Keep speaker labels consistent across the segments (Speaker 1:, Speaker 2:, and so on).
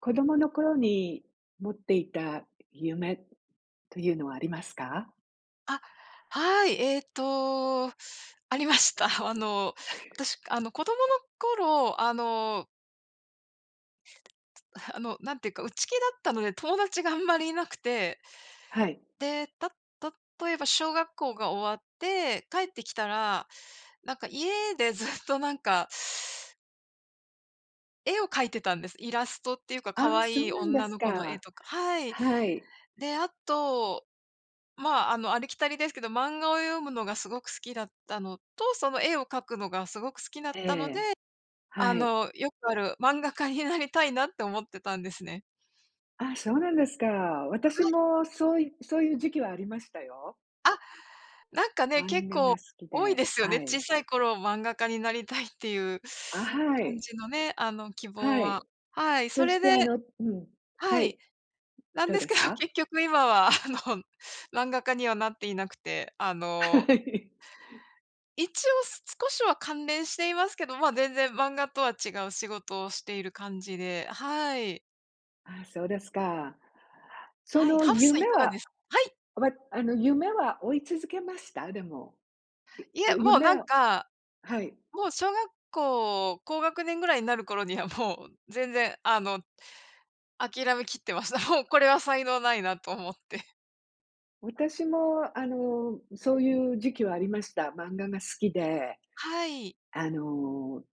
Speaker 1: 子供の頃に持っていた夢というのはありますか？
Speaker 2: あ。はい。えっと、ありました。あの、私、あの、子供の頃、あのつあの、なんていうか、内気だったので、友達があんまりいなくて。
Speaker 1: はい。
Speaker 2: で、た例えば、小学校が終わって、帰ってきたら、なんか、家で、ずっと、なんか絵を描いてたんです。イラストっていうか、
Speaker 1: ああ、
Speaker 2: 可
Speaker 1: そう
Speaker 2: 愛い
Speaker 1: なんで
Speaker 2: 女
Speaker 1: す
Speaker 2: の子の絵
Speaker 1: か。
Speaker 2: とかはい。
Speaker 1: はい。
Speaker 2: で、あと、まあ、あの、ありきたりですけど、漫画を読むのがすごく好きだったのと、その絵を描くのがすごく好きなっ
Speaker 1: え
Speaker 2: たので、
Speaker 1: え、
Speaker 2: あ
Speaker 1: はい。
Speaker 2: の、よくある、漫画家になりたいなって思ってたんですね。
Speaker 1: あ、そうなんですか。
Speaker 2: は
Speaker 1: 私
Speaker 2: い。
Speaker 1: もそういそういう時期はありましたよ。
Speaker 2: あ、なんかね、
Speaker 1: 漫
Speaker 2: 結
Speaker 1: 画
Speaker 2: 構
Speaker 1: が好き
Speaker 2: 多い
Speaker 1: で、
Speaker 2: ですよね。
Speaker 1: はい。
Speaker 2: 小さい頃漫画家になりたいっていう
Speaker 1: あ、は
Speaker 2: 感
Speaker 1: い。
Speaker 2: じのね、あの、希
Speaker 1: は
Speaker 2: 望は。
Speaker 1: い。
Speaker 2: はい、そ
Speaker 1: そし
Speaker 2: れ
Speaker 1: て、
Speaker 2: で
Speaker 1: あのうん。
Speaker 2: は
Speaker 1: はい。
Speaker 2: い。
Speaker 1: う、
Speaker 2: なん
Speaker 1: どう
Speaker 2: で
Speaker 1: で
Speaker 2: すけ
Speaker 1: す
Speaker 2: ど、
Speaker 1: か？
Speaker 2: 結局、今は、あの、漫画家にはなっていなくて、あ
Speaker 1: は
Speaker 2: の
Speaker 1: い。
Speaker 2: 一応、す少しは関連していますけど、まあ、全然漫画とは違う仕事をしている感じで。はい。
Speaker 1: ああ、そうですか。そ
Speaker 2: はい、
Speaker 1: の
Speaker 2: ハーブ水
Speaker 1: 夢
Speaker 2: いかが
Speaker 1: は、
Speaker 2: です？はい。
Speaker 1: わ、あの、夢は追い続けました？でも。い
Speaker 2: いいえ、
Speaker 1: ゆ
Speaker 2: もうな
Speaker 1: 夢
Speaker 2: ん
Speaker 1: を
Speaker 2: か、
Speaker 1: はい。
Speaker 2: もう、小学校高学年ぐらいになる頃にはもう、全然あの、諦めきってました。もう、これは才能ないなと思って。
Speaker 1: 私も、あの、そういう時期はありました。漫画が好きで、
Speaker 2: はい。
Speaker 1: あの、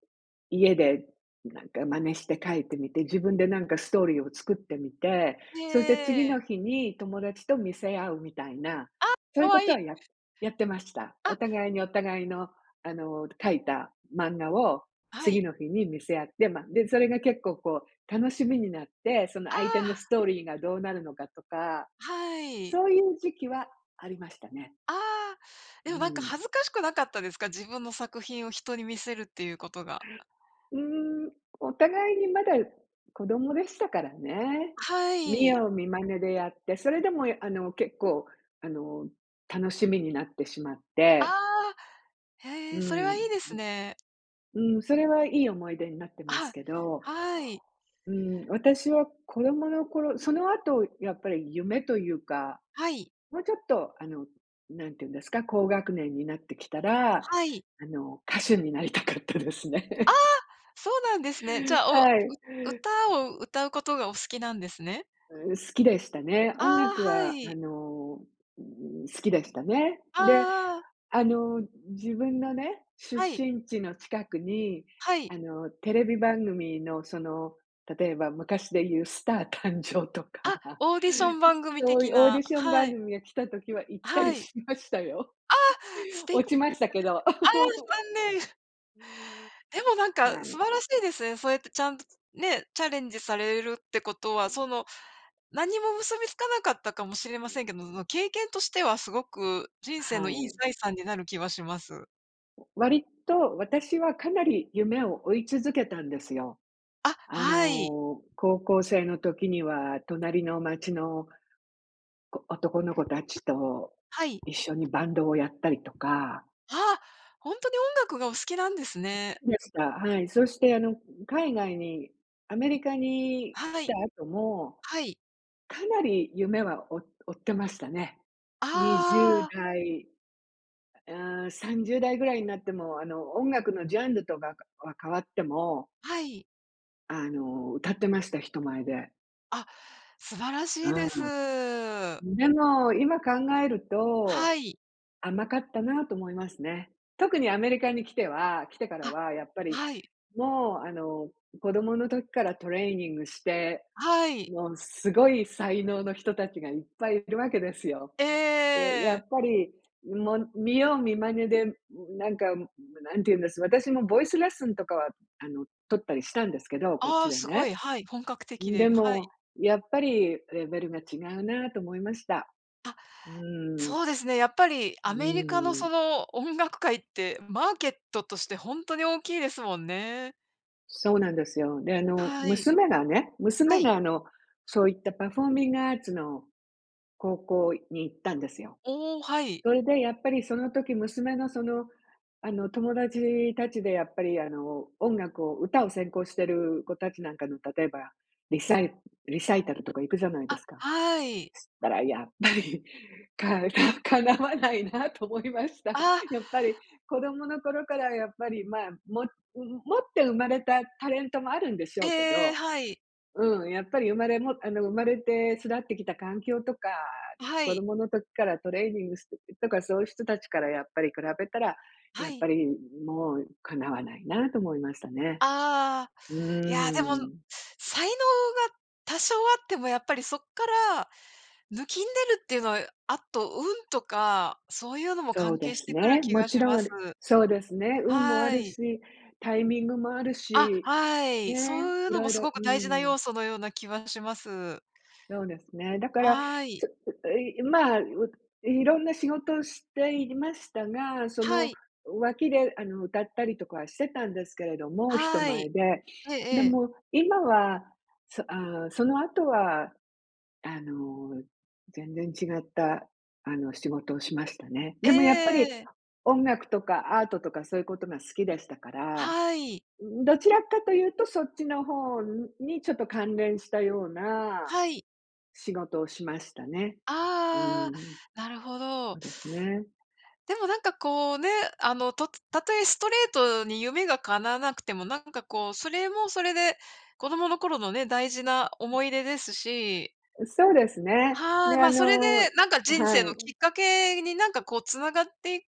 Speaker 1: 家で、なんか、真似して書いてみて、自分で、なんかストーリーを作ってみて、そして、
Speaker 2: へ
Speaker 1: 次
Speaker 2: え。
Speaker 1: の日に友達と見せ合うみたいな、
Speaker 2: あ、
Speaker 1: そう
Speaker 2: か
Speaker 1: いうこ
Speaker 2: わ
Speaker 1: と
Speaker 2: いい。
Speaker 1: はややってました。
Speaker 2: あ。
Speaker 1: お互いにお互いの、あの、描いた漫画を
Speaker 2: は
Speaker 1: 次
Speaker 2: い。
Speaker 1: の日に見せ合って、ま、で、それが結構こう、楽しみになって、その
Speaker 2: あ
Speaker 1: 相手のス
Speaker 2: あ。
Speaker 1: トーリーがどうなるのかとか、
Speaker 2: はい。
Speaker 1: そういう時期はありましたね。
Speaker 2: ああ。
Speaker 1: う
Speaker 2: で
Speaker 1: ー
Speaker 2: も、なんか
Speaker 1: ん。
Speaker 2: 恥ずかしくなかったですか？自分の作品を人に見せるっていうことが。
Speaker 1: うーん、お互いにまだ子供でしたからね。
Speaker 2: は
Speaker 1: 見
Speaker 2: い。
Speaker 1: 様見真似でやって、それでも、やあの、結構、あの、楽しみになってしまっ
Speaker 2: あ
Speaker 1: て
Speaker 2: あ、
Speaker 1: う
Speaker 2: へえ、それ
Speaker 1: ん、
Speaker 2: はいいですね。
Speaker 1: うん。うん、それはいい思い出になってます
Speaker 2: あ
Speaker 1: けど
Speaker 2: あ、はい。
Speaker 1: うん、私は子供の頃、その後やっぱり夢というか、
Speaker 2: はい。
Speaker 1: もうちょっと、あの、何ていうんですか、高学年になってきたら、
Speaker 2: はい。
Speaker 1: あの、歌手になりたかったです
Speaker 2: ああ、
Speaker 1: ね。
Speaker 2: そうなんですね。じゃあ、おう
Speaker 1: はい。う
Speaker 2: う歌を歌うことがお好きなんですね？
Speaker 1: う、好きでしたね。
Speaker 2: あ
Speaker 1: 音
Speaker 2: あ、
Speaker 1: 楽
Speaker 2: は
Speaker 1: は、あ
Speaker 2: い。
Speaker 1: の、うーん、好きでしたね。
Speaker 2: あ
Speaker 1: で、
Speaker 2: あああ。
Speaker 1: あの、自分のね、出
Speaker 2: はい。
Speaker 1: 身地の近くに、
Speaker 2: はい。
Speaker 1: あの、テレビ番組の、その、例えば昔で言うスター誕生と
Speaker 2: あ、
Speaker 1: か、
Speaker 2: オーディション番組
Speaker 1: そう
Speaker 2: 的
Speaker 1: いうオーディ
Speaker 2: な、
Speaker 1: ション
Speaker 2: は
Speaker 1: 番
Speaker 2: い。
Speaker 1: 組が来た時は行った
Speaker 2: は
Speaker 1: り
Speaker 2: い。
Speaker 1: しましたよ。
Speaker 2: あ、素敵
Speaker 1: 落ちましたけど。
Speaker 2: ああ、残念。でも、なん
Speaker 1: うー
Speaker 2: か、
Speaker 1: ん、は
Speaker 2: 素
Speaker 1: い。
Speaker 2: 晴らしいですね。そうやってちゃんとね、チャレンジされるってことは、その、何も結びつかなかったかもしれませ んけど、その、経験としてはすごく人生
Speaker 1: は
Speaker 2: のいい
Speaker 1: い。
Speaker 2: 財産になる気はします。
Speaker 1: 割と、私はかなり夢を追い続けたんですよ。
Speaker 2: あ、
Speaker 1: あ
Speaker 2: はい。
Speaker 1: の、高校生の時には、隣の街の子男の子達と
Speaker 2: はい。
Speaker 1: 一緒にバンドをやったりとか。
Speaker 2: はあ、ほんとに音楽がお好きなんです
Speaker 1: す
Speaker 2: ね。
Speaker 1: きでした。はい、そしてあの、海外に、アメリカに
Speaker 2: は
Speaker 1: 来た
Speaker 2: い。
Speaker 1: 後も、
Speaker 2: はい。
Speaker 1: かなり夢は、お追ってましたね。
Speaker 2: あ
Speaker 1: にじゅ
Speaker 2: あ
Speaker 1: う
Speaker 2: ああ。
Speaker 1: だい、あ、30代ぐらいになっても、あの、音楽のジャンルとかは変わっても
Speaker 2: はい。
Speaker 1: あの、歌ってました。人前で。
Speaker 2: あ、素晴らしいです。
Speaker 1: うん。でも今考える
Speaker 2: は
Speaker 1: と、
Speaker 2: い。
Speaker 1: 甘かったなと思いますね。特にアメリカに来ては来てから
Speaker 2: あ、
Speaker 1: はやっぱり
Speaker 2: はい。
Speaker 1: もう、あの、子供の時からトレーニングして、
Speaker 2: はい。
Speaker 1: もうすごい才能の人たちがいっぱいいるわけですよ。
Speaker 2: ええ
Speaker 1: で、
Speaker 2: ええ
Speaker 1: や
Speaker 2: ええ。
Speaker 1: っぱりもう、見よう見真似でなんかむ何ていうんです、私もボイスレッスンとかは、あの、取ったりしたんですけど。こっ
Speaker 2: あ
Speaker 1: ち
Speaker 2: あ、
Speaker 1: で
Speaker 2: すご
Speaker 1: ね。
Speaker 2: い。はい、本格的
Speaker 1: ん、
Speaker 2: に。
Speaker 1: で
Speaker 2: はい。
Speaker 1: も、やっぱりレベルが違うなと思いました。
Speaker 2: あ、
Speaker 1: うん。
Speaker 2: そうですね、やっぱり
Speaker 1: う
Speaker 2: アメリカの
Speaker 1: ーん。
Speaker 2: その音楽界って、マーケットとしてほんとに大きいですもんね。
Speaker 1: そうなんですよ。で、あの、
Speaker 2: はい。
Speaker 1: 娘がね、
Speaker 2: は
Speaker 1: 娘
Speaker 2: い。
Speaker 1: が、あの、そういったパフォーミングアーツの高校に行ったんですよ。
Speaker 2: おお、はい。
Speaker 1: それでやっぱり、その時娘のその、あの、友達たちでやっぱり、あの、音楽を歌を専攻してる子たちなんかの、例えばリサイリサイタルとか行くじゃないで
Speaker 2: あ、
Speaker 1: すか。
Speaker 2: はい。
Speaker 1: したらやっぱり、かだかなわないなと思いました。
Speaker 2: ああ。
Speaker 1: やっぱり子供の頃からやっぱりまあ、も持って生まれたタレントもあるんでし
Speaker 2: え
Speaker 1: ょ
Speaker 2: ええ
Speaker 1: うけ
Speaker 2: えええ。
Speaker 1: ど。
Speaker 2: はい。
Speaker 1: うん、やっぱり生まれもあの、生まれて育ってきた環境とか、
Speaker 2: は
Speaker 1: 子
Speaker 2: い。
Speaker 1: 供の時からトレーニングしてたとか。そういう人たちからやっぱり比べたら、
Speaker 2: は
Speaker 1: やっぱ
Speaker 2: い。
Speaker 1: りもう、かなわないなと思いましたね。
Speaker 2: ああ。
Speaker 1: う
Speaker 2: いや、でも、
Speaker 1: ん。
Speaker 2: 才能が多少あっても、やっぱりそっから抜きん出るっていうのは、あと運とか、そういうのも
Speaker 1: そう
Speaker 2: 関
Speaker 1: で
Speaker 2: 係し
Speaker 1: す
Speaker 2: てくる
Speaker 1: ね。
Speaker 2: 気
Speaker 1: も
Speaker 2: が
Speaker 1: ち
Speaker 2: し
Speaker 1: ろん
Speaker 2: ま
Speaker 1: あ
Speaker 2: す。
Speaker 1: る。そうですね、運もあ
Speaker 2: は
Speaker 1: る
Speaker 2: い。
Speaker 1: し、タイミングもある
Speaker 2: あ、
Speaker 1: し
Speaker 2: はい。そ
Speaker 1: ね。
Speaker 2: ういう
Speaker 1: い
Speaker 2: のも、
Speaker 1: ろい
Speaker 2: す
Speaker 1: ろ
Speaker 2: ごく
Speaker 1: う
Speaker 2: 大事な
Speaker 1: ん。
Speaker 2: 要素のような気はします。
Speaker 1: そうですね。だから、
Speaker 2: はい。
Speaker 1: ちょういまあ、う色んな仕事をしていましたが、そ
Speaker 2: は
Speaker 1: の
Speaker 2: い。
Speaker 1: 脇であの、歌ったりとかはしてたんですけれども、人
Speaker 2: は
Speaker 1: 前
Speaker 2: い。
Speaker 1: で。
Speaker 2: ええ
Speaker 1: で
Speaker 2: ええ。
Speaker 1: も今は、そ、あその後はあの、全然違ったあの、仕事をしましたね。
Speaker 2: えええ
Speaker 1: でもやっぱ
Speaker 2: ええ
Speaker 1: り
Speaker 2: えええ。
Speaker 1: 音楽とかアートとか、そういうことが好きでしたから。
Speaker 2: はい。
Speaker 1: うん、どちらかというとそっちの方に、ちょっと関連したような
Speaker 2: はい。
Speaker 1: 仕事をしましたね。う
Speaker 2: あああ
Speaker 1: ん。
Speaker 2: あ。なるほ
Speaker 1: そ
Speaker 2: ど。
Speaker 1: うですね。
Speaker 2: でも、なんかこうね。あの、とつ例えストレートに夢が叶わなくても。なんかこう、それもそれで子供の頃のね、大事な思い出ですし。
Speaker 1: うそうですね。
Speaker 2: は
Speaker 1: で、
Speaker 2: あ。
Speaker 1: あ
Speaker 2: まあ、それで
Speaker 1: の
Speaker 2: なんか人生
Speaker 1: は
Speaker 2: の
Speaker 1: い。
Speaker 2: きっかけに、なんかこう、繋がって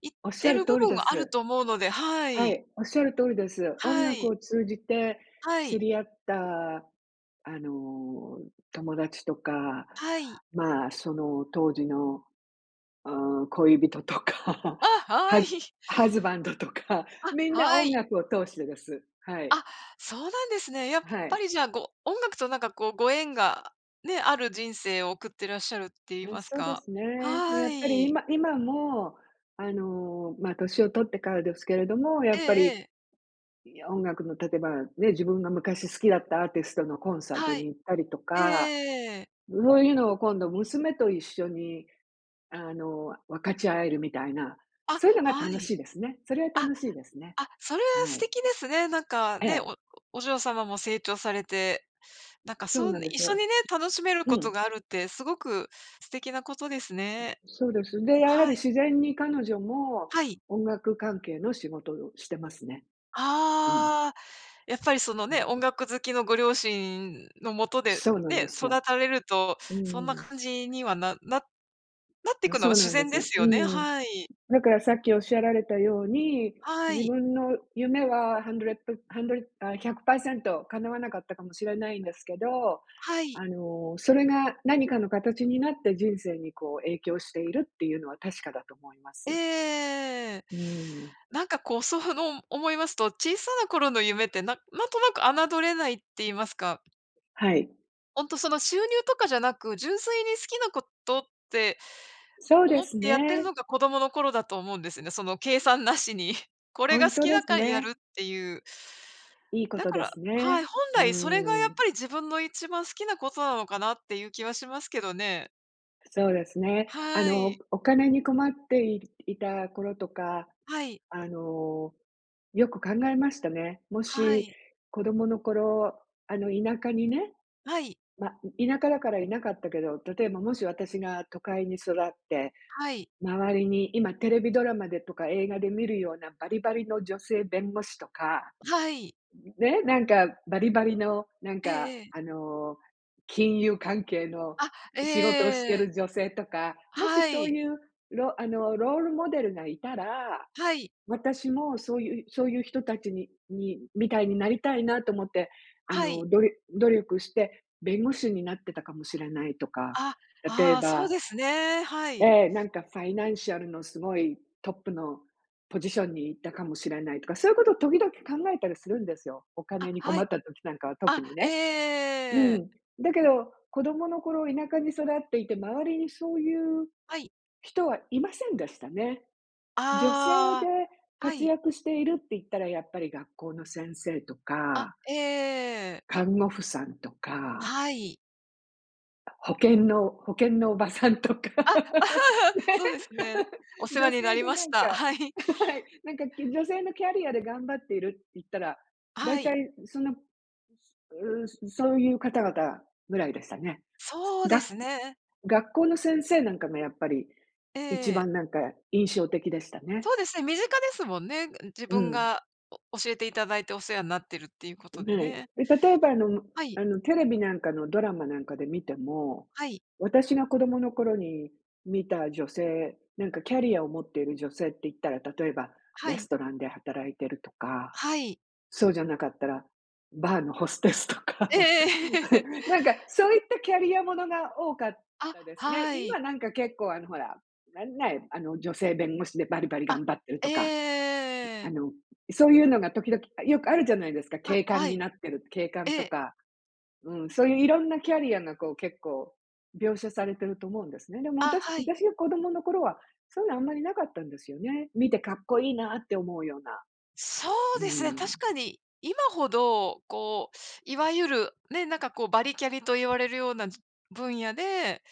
Speaker 2: いって
Speaker 1: 仰る
Speaker 2: る
Speaker 1: 通
Speaker 2: 部
Speaker 1: り
Speaker 2: 分
Speaker 1: で
Speaker 2: はある
Speaker 1: す。
Speaker 2: と思うので。は
Speaker 1: は
Speaker 2: い。
Speaker 1: い、仰る通りです。音
Speaker 2: は
Speaker 1: 楽
Speaker 2: い。
Speaker 1: を通じて
Speaker 2: は
Speaker 1: 知
Speaker 2: い。
Speaker 1: り合った、あの、友達とか。
Speaker 2: はい。
Speaker 1: まあ、その当時の、あ、恋人とか、
Speaker 2: あ、は
Speaker 1: ハズ
Speaker 2: い。
Speaker 1: ハズバンドとか。
Speaker 2: あ、
Speaker 1: みんな
Speaker 2: は
Speaker 1: 音
Speaker 2: い。
Speaker 1: 楽を通してです、はい。
Speaker 2: あ、そうなんですね。やっ
Speaker 1: は
Speaker 2: ぱ
Speaker 1: い。
Speaker 2: りじゃあ、ご音楽となんかこう、ご縁がね、ある人生を送ってらっしゃるって言
Speaker 1: あ、
Speaker 2: います
Speaker 1: そうで
Speaker 2: か。
Speaker 1: すね。
Speaker 2: は
Speaker 1: やっぱり
Speaker 2: い。
Speaker 1: 今今も、あの、まあ、年を取ってからですけれども。や
Speaker 2: え
Speaker 1: っぱ
Speaker 2: え、え
Speaker 1: り、
Speaker 2: え。
Speaker 1: いや、音楽の例えばね、自分が昔好きだったアーティストのコンサート
Speaker 2: は
Speaker 1: に
Speaker 2: い。
Speaker 1: 行ったりと
Speaker 2: えええええ
Speaker 1: か。
Speaker 2: えええええ。
Speaker 1: そういうのを今度、娘と一緒に、あの、分かち合えるみたいな。
Speaker 2: あ、
Speaker 1: そういうのが
Speaker 2: は
Speaker 1: 楽
Speaker 2: い。
Speaker 1: しいですね、それは
Speaker 2: あ
Speaker 1: 楽しいですね。
Speaker 2: あ、それは
Speaker 1: は
Speaker 2: 素
Speaker 1: い。
Speaker 2: 敵ですね。なんか
Speaker 1: え
Speaker 2: ね、お
Speaker 1: え。
Speaker 2: おお嬢様も成長されて。なんか
Speaker 1: そう
Speaker 2: そう、
Speaker 1: なんで
Speaker 2: 一
Speaker 1: す
Speaker 2: 緒に
Speaker 1: よ。
Speaker 2: ね、楽しめる
Speaker 1: う
Speaker 2: こと
Speaker 1: ん。
Speaker 2: があるって、すごく素敵なことです
Speaker 1: う、
Speaker 2: ね。
Speaker 1: そうです。で、やはり
Speaker 2: はい。
Speaker 1: 自然に彼女も、
Speaker 2: はい。
Speaker 1: 音楽関係の仕事をしてますね。うん。
Speaker 2: ああ。やっぱりその
Speaker 1: 感
Speaker 2: ね、
Speaker 1: じ
Speaker 2: 音
Speaker 1: ま。
Speaker 2: 楽好きのご両親のもとで
Speaker 1: そうなんで
Speaker 2: ね、
Speaker 1: す
Speaker 2: 育
Speaker 1: よ。
Speaker 2: たれると。
Speaker 1: う
Speaker 2: そんな
Speaker 1: ん。
Speaker 2: 感じには、なななって
Speaker 1: な、
Speaker 2: くの
Speaker 1: そ
Speaker 2: は
Speaker 1: う
Speaker 2: 自
Speaker 1: なんで
Speaker 2: 然
Speaker 1: す
Speaker 2: で
Speaker 1: よ。
Speaker 2: す
Speaker 1: う
Speaker 2: よね。
Speaker 1: ん。
Speaker 2: はい。
Speaker 1: だから、さっき仰られたように、
Speaker 2: は
Speaker 1: 自
Speaker 2: い。
Speaker 1: 分の夢は hundred プハンドレあ、100%叶わなかったかもしれないんですけど。
Speaker 2: はい。
Speaker 1: あの、それが何かの形になって、人生にこう影響しているっていうのは確かだと思いま
Speaker 2: ええええええ
Speaker 1: す。
Speaker 2: ええええ。
Speaker 1: うん。
Speaker 2: なんかこう、そふの思いますと。小さな頃の夢って、なんなんとなく侮れないって言いますか。
Speaker 1: はい。
Speaker 2: ほんとその収入とかじゃなく、純粋に好きなことって、
Speaker 1: そうで
Speaker 2: 思っ
Speaker 1: す
Speaker 2: てやってる
Speaker 1: ね。
Speaker 2: のが子供の頃だと思うんですね。その計算なしに。これ
Speaker 1: ほ
Speaker 2: が
Speaker 1: ん
Speaker 2: 好
Speaker 1: と
Speaker 2: き
Speaker 1: で
Speaker 2: だ
Speaker 1: す
Speaker 2: からやる
Speaker 1: ね。
Speaker 2: っていう。
Speaker 1: いいこ
Speaker 2: だ
Speaker 1: と
Speaker 2: か
Speaker 1: で
Speaker 2: ら
Speaker 1: す
Speaker 2: はい、
Speaker 1: ね。
Speaker 2: 本
Speaker 1: う
Speaker 2: 来それがやっ
Speaker 1: ーん。
Speaker 2: ぱり自分の一番好きなことなのかなっていう気はしますけどね。
Speaker 1: そうですね。あ
Speaker 2: は
Speaker 1: の、
Speaker 2: い。
Speaker 1: お金に困って、いいた頃とか、
Speaker 2: はい。
Speaker 1: あの、よく考えましたね。も
Speaker 2: は
Speaker 1: し、
Speaker 2: い。
Speaker 1: 子供の頃、あの田舎にね、
Speaker 2: はい。
Speaker 1: ま、田舎だからいなかったけど、例えばもし私が都会に育って、
Speaker 2: はい。
Speaker 1: 周りに今テレビドラマでとか映画で見るようなバリバリの女性弁護士とか、
Speaker 2: はい。
Speaker 1: ね、なんかバリバリのなん
Speaker 2: ええ
Speaker 1: か、
Speaker 2: ええ。
Speaker 1: あの、金融関係の
Speaker 2: あ、
Speaker 1: 仕事をして
Speaker 2: ええ。
Speaker 1: る女性とか、もし
Speaker 2: は
Speaker 1: そう
Speaker 2: い。
Speaker 1: いう、ろあのロールモデルがいたら、
Speaker 2: はい。
Speaker 1: 私もそういうそういう人たちにに、みたいになりたいなと思って、あ
Speaker 2: はい。
Speaker 1: のどりょ努力して、弁護士になってたかもしれないとか、
Speaker 2: あ、
Speaker 1: 例え
Speaker 2: ああ、そう
Speaker 1: ば
Speaker 2: ですね、はい。
Speaker 1: ええ、なんかファイナンシャルのすごいトップのポジションにいったかもしれないとか、そういうことを時々考えたりするんですよ。お
Speaker 2: あ、
Speaker 1: 金に
Speaker 2: は
Speaker 1: 困っ
Speaker 2: い。
Speaker 1: た時なんかは特
Speaker 2: あ、
Speaker 1: に
Speaker 2: え
Speaker 1: ね。う
Speaker 2: え。
Speaker 1: ん。だけど、子供の頃田舎に育っていて、周りにそういう
Speaker 2: はい。
Speaker 1: 人はいませんでしたね。女性で
Speaker 2: ああ、は
Speaker 1: 活
Speaker 2: い。
Speaker 1: 躍しているって言ったら、やっぱり学校の先生と
Speaker 2: あ、
Speaker 1: か
Speaker 2: ええ。
Speaker 1: 看護婦さんとか
Speaker 2: はい。
Speaker 1: 保険の保険のおばさんとか、ね。
Speaker 2: あ、そうですね。お 世
Speaker 1: 女
Speaker 2: 話にな
Speaker 1: 性
Speaker 2: り
Speaker 1: で
Speaker 2: ま
Speaker 1: な
Speaker 2: し
Speaker 1: ん
Speaker 2: た。
Speaker 1: か、
Speaker 2: はい。
Speaker 1: はい、なんか、き女性のキャリアで頑張っているって言ったら、だ
Speaker 2: は
Speaker 1: いた
Speaker 2: い。
Speaker 1: いその、うすうそういう方々ぐらいでしたね。す
Speaker 2: そうで
Speaker 1: が
Speaker 2: すね。
Speaker 1: 学校の先生なんかがやっぱり、
Speaker 2: え
Speaker 1: 一
Speaker 2: え。
Speaker 1: 番なんか印象的でしたね。
Speaker 2: そうですね、身近ですもんね。自
Speaker 1: う
Speaker 2: 分
Speaker 1: ん。
Speaker 2: がお教えていただいてお世話になってるっていうこと
Speaker 1: う
Speaker 2: で
Speaker 1: はい。
Speaker 2: ね。
Speaker 1: で、例えばあの
Speaker 2: はい。
Speaker 1: あの、テレビなんかのドラマなんかで見ても、
Speaker 2: はい。
Speaker 1: 私が子供の頃に見た女性、なんかキャリアを持っている女性って言ったら、例えば
Speaker 2: は
Speaker 1: レス
Speaker 2: い。
Speaker 1: トランで働いてるとか、
Speaker 2: はい。
Speaker 1: そうじゃなかったら、バーのホステスとか、
Speaker 2: ええええ。
Speaker 1: なんかそういったキャリアものが多かっ
Speaker 2: あ、
Speaker 1: たですね。
Speaker 2: はい。
Speaker 1: 今なんか結構、あの、ほら、なんね、あの、女性弁護士でバリバリ
Speaker 2: あ、
Speaker 1: 頑張ってる
Speaker 2: え
Speaker 1: と
Speaker 2: え
Speaker 1: か、
Speaker 2: ええ
Speaker 1: ん、
Speaker 2: え
Speaker 1: あ
Speaker 2: え。
Speaker 1: の、そういうのが時々よくあるじゃないですか。
Speaker 2: あ、
Speaker 1: 警官
Speaker 2: は
Speaker 1: に
Speaker 2: い。
Speaker 1: なってる警
Speaker 2: え
Speaker 1: 官と
Speaker 2: え。
Speaker 1: か。うん、そういう色んなキャリアがこう結構、描写されてると思うんですね。でも
Speaker 2: あ、
Speaker 1: 私
Speaker 2: はい。
Speaker 1: 私が子供の頃はそういうのあんまり無かったんですよね。見てかっこいいなって思うような。
Speaker 2: そう
Speaker 1: う
Speaker 2: ですね、
Speaker 1: ん。
Speaker 2: 確かに。今ほど、こう、いわゆる、ね、なんかこうバリキャリと言われるような分野で、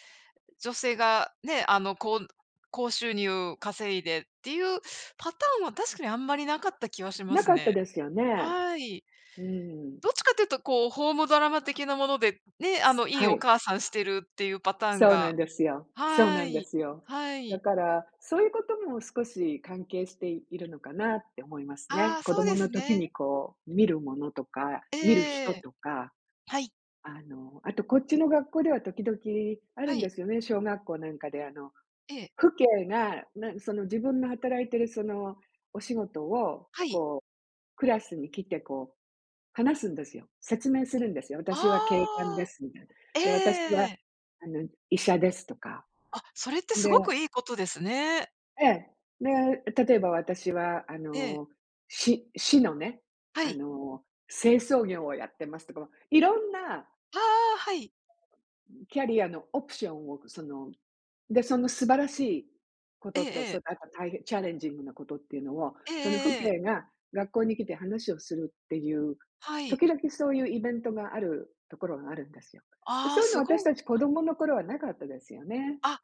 Speaker 2: 女性がね、あの、こん高収入稼いでっていうパターンは、確かにあんまり無かった気はしま
Speaker 1: 無
Speaker 2: す
Speaker 1: かった
Speaker 2: ね。
Speaker 1: ですよね。
Speaker 2: はい。
Speaker 1: うん。
Speaker 2: どっちかっていうとこう、ホームドラマ的なもので、ね、あ
Speaker 1: す
Speaker 2: の、いい
Speaker 1: は
Speaker 2: お
Speaker 1: い。
Speaker 2: 母さんしてるっていうパターン
Speaker 1: そうな
Speaker 2: が。
Speaker 1: んですよ。そう
Speaker 2: は
Speaker 1: なんで
Speaker 2: い、
Speaker 1: すよ。
Speaker 2: はい。
Speaker 1: だから、そういうことも少し関係しているのかなって思います
Speaker 2: あ
Speaker 1: ね。
Speaker 2: あ、
Speaker 1: 子
Speaker 2: そう
Speaker 1: 供
Speaker 2: で
Speaker 1: の
Speaker 2: す
Speaker 1: 時に
Speaker 2: ね。
Speaker 1: こう見るものとか、見る
Speaker 2: え
Speaker 1: 人
Speaker 2: え。
Speaker 1: とか。
Speaker 2: はい。
Speaker 1: あの、あとこっちの学校では時々ある
Speaker 2: は
Speaker 1: んで
Speaker 2: い。
Speaker 1: すよね、小学校なんかであの
Speaker 2: ええ。
Speaker 1: 父兄が、なんその自分の働いてる、そのお仕事を、
Speaker 2: はい。
Speaker 1: こうクラスに来てこう話すんですよ。説明するんですよ。私は警官で
Speaker 2: ああ。
Speaker 1: すみたいな。
Speaker 2: え
Speaker 1: で、私は
Speaker 2: え。
Speaker 1: あの、医者ですとか。
Speaker 2: あ、それって
Speaker 1: ん
Speaker 2: す
Speaker 1: で
Speaker 2: ごくいいことですね。
Speaker 1: ええ。で、え、例えば私は、あ
Speaker 2: で。
Speaker 1: の、市市のね、
Speaker 2: は
Speaker 1: あ
Speaker 2: い。
Speaker 1: の、清掃業をやってますとか、ま、色んな
Speaker 2: ああ、はい。
Speaker 1: ん、キャリアのオプションを、そので、その素晴らしいことと、
Speaker 2: ええ。
Speaker 1: そのあと大変チャレンジングなことっていうのを、
Speaker 2: え
Speaker 1: その父
Speaker 2: ええ。
Speaker 1: 兄が学校に来て話をするっていう、
Speaker 2: はい。
Speaker 1: 時々そういうイベントがあるところがあるんですよ。で、
Speaker 2: あ
Speaker 1: そ
Speaker 2: あ、
Speaker 1: ういうの
Speaker 2: す
Speaker 1: は私
Speaker 2: ご。
Speaker 1: たち子供の頃はなかったですよね。
Speaker 2: あ、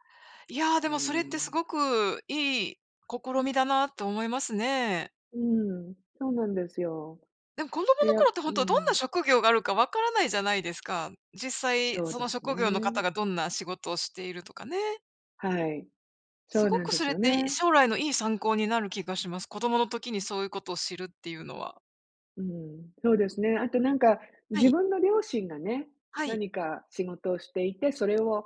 Speaker 2: いや、
Speaker 1: う
Speaker 2: で
Speaker 1: ー
Speaker 2: もそれってす
Speaker 1: ん。
Speaker 2: ごくいい試みだなと思いますね。
Speaker 1: うーん、そうなんですよ。
Speaker 2: でも子供の
Speaker 1: で、や
Speaker 2: 頃
Speaker 1: う
Speaker 2: ってほ
Speaker 1: ー
Speaker 2: んと、どんな
Speaker 1: ん。
Speaker 2: 職業があるか分からないじゃないですか。実際
Speaker 1: そう
Speaker 2: そ
Speaker 1: で
Speaker 2: の
Speaker 1: す
Speaker 2: 職業の方
Speaker 1: ね。
Speaker 2: がどんな仕事をしているとかね。
Speaker 1: はい。
Speaker 2: す
Speaker 1: そう
Speaker 2: ご
Speaker 1: なん
Speaker 2: く
Speaker 1: で
Speaker 2: そ
Speaker 1: す
Speaker 2: れっ
Speaker 1: よ
Speaker 2: て、い
Speaker 1: ね。
Speaker 2: 将来のいい参考になる気がします。子供の時にそういうことを知るっていうのは。
Speaker 1: うん、そうですね。あと、なんか、
Speaker 2: は
Speaker 1: 自
Speaker 2: い。
Speaker 1: 分の両親がね、
Speaker 2: はい。
Speaker 1: 何か仕事をしていて、それを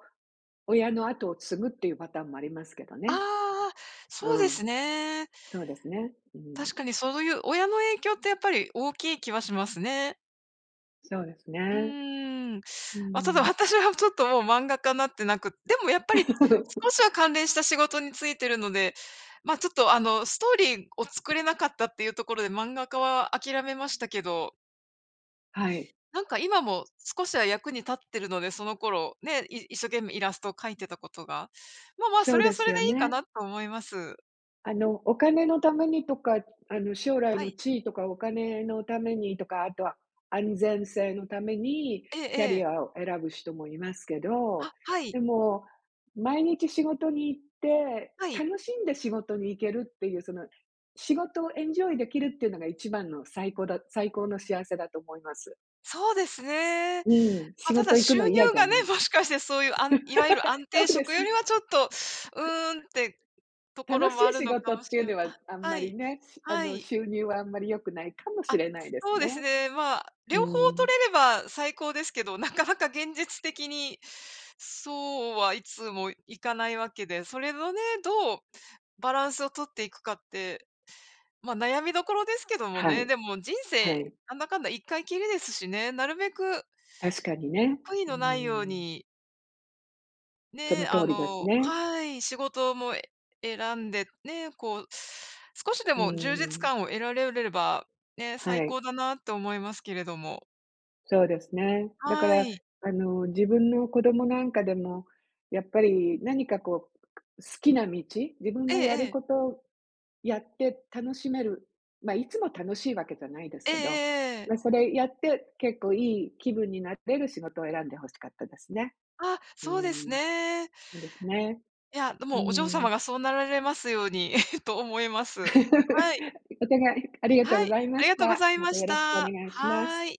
Speaker 1: 親の後を継ぐっていうパターンもありますけど
Speaker 2: あ
Speaker 1: ね。
Speaker 2: あ、
Speaker 1: う
Speaker 2: そうです
Speaker 1: ん。
Speaker 2: ね。
Speaker 1: そうですね。うん。
Speaker 2: 確かにそういう親の影響ってやっぱり大きい気はしますね。
Speaker 1: そうです
Speaker 2: うー
Speaker 1: ね。
Speaker 2: ん、
Speaker 1: う
Speaker 2: まあ、ただ
Speaker 1: ん。
Speaker 2: 私はちょっともう漫画家になってなく、でもやっぱり、少 しは関連した仕事についてるので、まあ、ちょっとあの、ストーリーを作れなかったっていうところで漫画家は諦めましたけど。
Speaker 1: はい。
Speaker 2: なんか今も少しは役に立ってるので、その頃、ね、い一生懸命イラストを描いてたことが、ままあ、
Speaker 1: そ
Speaker 2: そ
Speaker 1: う
Speaker 2: れは
Speaker 1: で
Speaker 2: そ
Speaker 1: す
Speaker 2: れ
Speaker 1: よ
Speaker 2: でいいか
Speaker 1: ね。
Speaker 2: なと思います。
Speaker 1: あの、お金のためにとか、あの、将来
Speaker 2: は
Speaker 1: の
Speaker 2: い。
Speaker 1: 地位とかお金のためにとか、あとは安全性のために
Speaker 2: ええ
Speaker 1: キャリ
Speaker 2: ええ。
Speaker 1: アを選ぶ人もいますけど、
Speaker 2: あ、はい。
Speaker 1: でも、毎日仕事に行って、
Speaker 2: はい。
Speaker 1: 楽しんで仕事に行けるっていう、その、仕事をエンジョイできるっていうのが一番の最高だ最高の幸せだと思います。
Speaker 2: そうですね。
Speaker 1: うん、
Speaker 2: ま
Speaker 1: 仕
Speaker 2: あ、ただ
Speaker 1: 事行く
Speaker 2: 収
Speaker 1: の嫌
Speaker 2: 入
Speaker 1: じゃ
Speaker 2: がね、
Speaker 1: ない。
Speaker 2: もしかしてそういう、あんいわゆる安
Speaker 1: そ
Speaker 2: 定
Speaker 1: うで
Speaker 2: 職
Speaker 1: す。
Speaker 2: より はちょっと、うーんって、とこ
Speaker 1: 楽
Speaker 2: ろ
Speaker 1: し
Speaker 2: もあ
Speaker 1: い
Speaker 2: る
Speaker 1: 仕
Speaker 2: のか
Speaker 1: 事
Speaker 2: もし
Speaker 1: っていう
Speaker 2: ゅん
Speaker 1: のは
Speaker 2: あ、
Speaker 1: あん
Speaker 2: は
Speaker 1: ま
Speaker 2: い、
Speaker 1: りね、しあ
Speaker 2: は
Speaker 1: の、
Speaker 2: い。
Speaker 1: 収入はあんまり良くないかもし
Speaker 2: あ、
Speaker 1: れないで
Speaker 2: そ
Speaker 1: す
Speaker 2: うです
Speaker 1: ね。
Speaker 2: ね、まあ、
Speaker 1: う
Speaker 2: 両方
Speaker 1: ん。
Speaker 2: 取れれば最高ですけど、なかなか現実的に、そうはいつもいかないわけで、それのね、どうバランスを取っていくかって、まあ、悩みどころですけども
Speaker 1: は
Speaker 2: ね、
Speaker 1: い、
Speaker 2: でも人
Speaker 1: は
Speaker 2: 生
Speaker 1: い。
Speaker 2: なんだかんだ一回きりですしね、なるべく
Speaker 1: 確かにね。
Speaker 2: 悔い
Speaker 1: うー
Speaker 2: のないよう
Speaker 1: ん。
Speaker 2: に
Speaker 1: その
Speaker 2: ね、
Speaker 1: 通
Speaker 2: あ
Speaker 1: りです
Speaker 2: の
Speaker 1: ね。
Speaker 2: はい、仕事も選んで、ね、こう、少しで
Speaker 1: う
Speaker 2: も充実
Speaker 1: ん。
Speaker 2: 感を得られれば、ね、最
Speaker 1: はい。
Speaker 2: 高だなって思いますけれども。
Speaker 1: そうですね。だか
Speaker 2: は
Speaker 1: ら、
Speaker 2: い。
Speaker 1: あの、自分の子供なんかでも、やっぱり何かこう好きな道？自分
Speaker 2: ええ
Speaker 1: がや
Speaker 2: え
Speaker 1: る
Speaker 2: え。
Speaker 1: ことやって楽しめる、ま、いつも楽しいわけじゃないです
Speaker 2: ええ
Speaker 1: けど、
Speaker 2: ええええ。
Speaker 1: ま、それやって、結構いい気分になれる仕事を選んで欲しかったですね。
Speaker 2: あ、
Speaker 1: う
Speaker 2: そうです
Speaker 1: ん。
Speaker 2: ね。
Speaker 1: そうですね。
Speaker 2: いや、で
Speaker 1: う
Speaker 2: もお嬢様
Speaker 1: ん。
Speaker 2: がそうなられますように と思います。はい。
Speaker 1: お互いありがとう
Speaker 2: は
Speaker 1: ご
Speaker 2: い、
Speaker 1: ざい
Speaker 2: あ
Speaker 1: ま
Speaker 2: り
Speaker 1: し
Speaker 2: がとうご
Speaker 1: た。
Speaker 2: ざい
Speaker 1: ま
Speaker 2: ま
Speaker 1: たよ
Speaker 2: し
Speaker 1: ろしくお
Speaker 2: た。
Speaker 1: 願いします。
Speaker 2: はい。